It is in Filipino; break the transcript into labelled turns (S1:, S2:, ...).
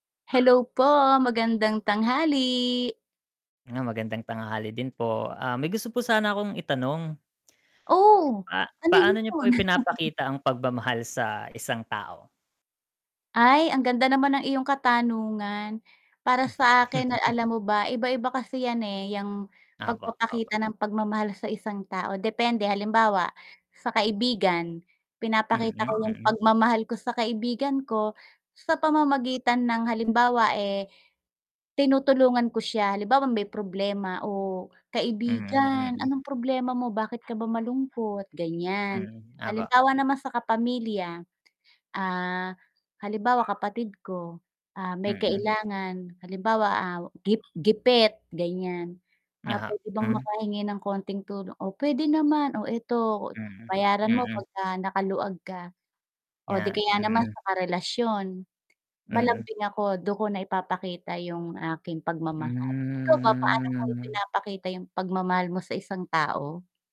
S1: Hello po, magandang tanghali.
S2: Hello magandang tanghali din po. Ah, may gusto po sana akong itanong.
S1: Oh,
S2: Ah,
S1: ano yun?
S2: paano niyo po ipinapakita ang pagmamahal sa isang tao?
S1: Ay ang ganda naman ng iyong katanungan. Para sa akin na alam mo ba, iba-iba kasi yan, eh, yang
S2: Opo, opo.
S1: pagpapakita ng pagmamahal sa isang tao depende, halimbawa sa kaibigan
S2: Mm,
S1: pinapakita ko yung
S2: mm.
S1: pagmamahal ko sa kaibigan ko sa pamamagitan ng halimbawa, eh, tinutulungan ko siya halimbawa may problema, "Oh,
S2: Mm,
S1: kaibigan
S2: mm.
S1: anong problema mo bakit ka ba malungkot?" ganyan.
S2: Hmm, opo.
S1: Halimbawa naman sa kapamilya, ah, halimbawa kapatid ko, ah, may
S2: Mm.
S1: kailangan halimbawa, ah, gip gipit ganiyan, ah,
S2: Ah,
S1: pwede bang
S2: mm.
S1: makahingi ng konting tulong, oh, pwede naman, oh, 'eto
S2: Mm,
S1: bayaran mo
S2: mm.
S1: pagka nakaluwag ka. Oh, 'di
S2: 'Yan,
S1: kaya naman
S2: mm.
S1: sa karelasyon,
S2: Mm.
S1: malambing ako dun ko na ipapakita yung aking pagmamahal. Ikaw ba paano mo
S2: Hmm.
S1: ipinapakita yung pagmamahal mo sa isang tao?